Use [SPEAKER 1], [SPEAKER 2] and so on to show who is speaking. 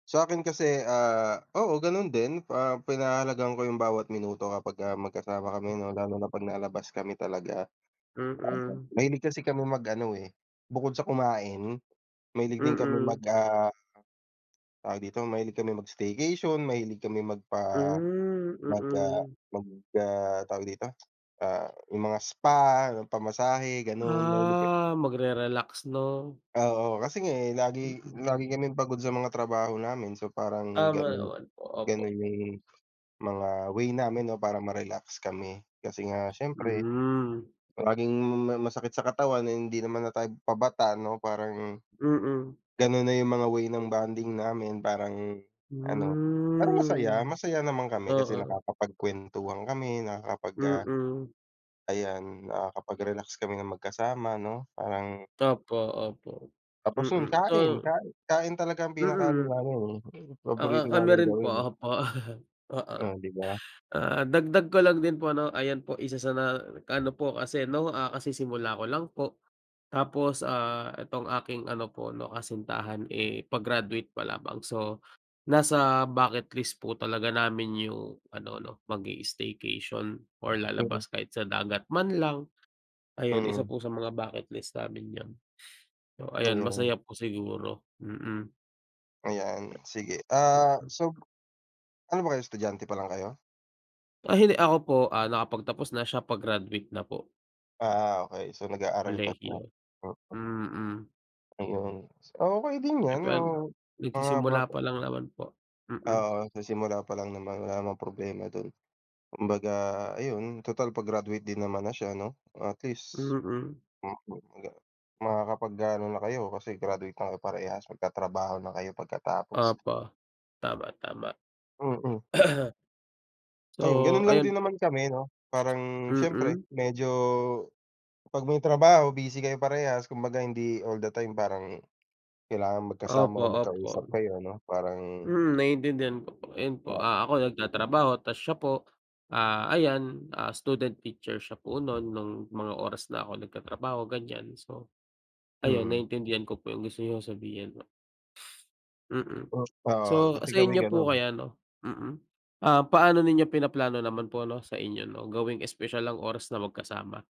[SPEAKER 1] Sa'kin kasi, ah, o,o ganun din, ah, pinahahalagahan ko 'yung bawat minuto kapagka magkasama kami ano lalo na pag nalabas kami talaga. Aha.
[SPEAKER 2] Mm.
[SPEAKER 1] Mahilig kasi kami mag-ano eh, bukod sa kumain, mahilig din kami mag
[SPEAKER 2] Mm.
[SPEAKER 1] ah Tawag dito, mahilig kami mag-staycation, mahilig kami magpa
[SPEAKER 2] Hmm.
[SPEAKER 1] mag ah
[SPEAKER 2] Mm.
[SPEAKER 1] mag, ah, tawag dito, ah, yung mga spa, pamasahe gano'n. Mahilig ka
[SPEAKER 2] Ah, magre-relax 'no?
[SPEAKER 1] Oo, kasi nga eh
[SPEAKER 2] Mm,
[SPEAKER 1] lagi lagi
[SPEAKER 2] mm.
[SPEAKER 1] kaming pagod sa mga trabaho namin, so parang
[SPEAKER 2] Tama
[SPEAKER 1] ganun,
[SPEAKER 2] naman po,
[SPEAKER 1] ganun
[SPEAKER 2] opo.
[SPEAKER 1] 'yung mga way namin 'no para ma-relax kami. Kasi nga siyempre,
[SPEAKER 2] Hmm.
[SPEAKER 1] laging may masakit sa katawan, ay hindi naman na tayo pabata 'no parang,
[SPEAKER 2] Mm.
[SPEAKER 1] ganun na 'yung mga way ng bonding namin, parang ano, parang masaya,
[SPEAKER 2] Hmm.
[SPEAKER 1] masaya naman kami kasi
[SPEAKER 2] Oo.
[SPEAKER 1] nakakapagkwentuhan kami, nakakapag, ah
[SPEAKER 2] Mm.
[SPEAKER 1] ayan, nakakapag-relax kami ng magkasama 'no, parang
[SPEAKER 2] Opo, opo,
[SPEAKER 1] Tapos 'yun
[SPEAKER 2] mm,
[SPEAKER 1] kain,
[SPEAKER 2] so
[SPEAKER 1] kain kain talaga ang pinaka-ano
[SPEAKER 2] Mm.
[SPEAKER 1] namin eh,
[SPEAKER 2] Oo,
[SPEAKER 1] paborito
[SPEAKER 2] kami
[SPEAKER 1] naming
[SPEAKER 2] rin po,
[SPEAKER 1] gawin.
[SPEAKER 2] opo, oo.
[SPEAKER 1] Oh, 'di ba.
[SPEAKER 2] Ah, dagdag ko lang din po 'no, ayan po isa sa na, ano po kasi ano, ah, kasisimula ko lang po, tapos, ah, itong aking ano po ano kasintahan eh pa-graduate pa lamang. So nasa bucket list po talaga namin 'yung ano 'no, mag-i-staycation or
[SPEAKER 1] Mm.
[SPEAKER 2] lalabas kahit sa dagat man lang. Ayan, isa
[SPEAKER 1] Mm.
[SPEAKER 2] po sa mga bucket list namin aun. O ayan masaya
[SPEAKER 1] Ayun.
[SPEAKER 2] po siguro, mm.
[SPEAKER 1] Ayan, sige. Ah
[SPEAKER 2] Mm.
[SPEAKER 1] so, ano ba kayo, estudyante pa lang kayo?
[SPEAKER 2] Ah hindi, ako po ah nakapagtapos na, siya pa-graduate na po.
[SPEAKER 1] Ah okey, so nag-aaral pa siya.
[SPEAKER 2] Kolehiyo,
[SPEAKER 1] [unintelligible]
[SPEAKER 2] mm.
[SPEAKER 1] Ayun, okey din
[SPEAKER 2] Di
[SPEAKER 1] 'yan, m
[SPEAKER 2] pan
[SPEAKER 1] mga
[SPEAKER 2] nagsisimula
[SPEAKER 1] bata.
[SPEAKER 2] pa lang naman po, mm.
[SPEAKER 1] Oo, sa simula pa lang naman, wala namang problema dun. Kumbaga ayun total pa-graduate din naman na siya 'no, at least.
[SPEAKER 2] Mm.
[SPEAKER 1] Mhm, agang Makakapag-gaano na kayo, kasi graduate na kayo parehas. Magtatrabaho na kayo pagkatapos.
[SPEAKER 2] Opo, tama, tama.
[SPEAKER 1] Mm.
[SPEAKER 2] So,
[SPEAKER 1] Ayun, ganun lang
[SPEAKER 2] ayun
[SPEAKER 1] din
[SPEAKER 2] po.
[SPEAKER 1] naman kami 'no, parang siyempre
[SPEAKER 2] Mm.
[SPEAKER 1] medyo 'pag may trabaho busy kayo parehas, kumbaga hindi all the time parang kailangan
[SPEAKER 2] Opo,
[SPEAKER 1] magkasama o magkausap
[SPEAKER 2] opo.
[SPEAKER 1] kayo 'no, parang
[SPEAKER 2] Hmm, naintindihan ko po. Ayun po,
[SPEAKER 1] Po.
[SPEAKER 2] ah, ako nagtatrabaho tas siya po, ah, ayan, ah, student teacher siya po nun, nung mga oras na ako nagtatrabaho, ganiyan. So, ayun
[SPEAKER 1] Mm.
[SPEAKER 2] naintindihan ko po 'yung gusto niyong sabihin po. Mm.
[SPEAKER 1] Hmm, po.
[SPEAKER 2] So,
[SPEAKER 1] Kasi
[SPEAKER 2] sa
[SPEAKER 1] kami
[SPEAKER 2] inyo po
[SPEAKER 1] gano'n.
[SPEAKER 2] kaya 'no, mm. Ah, paano ninyo pinaplano naman po 'no, sa inyo 'no, gawing espesyal ang oras na magkasama?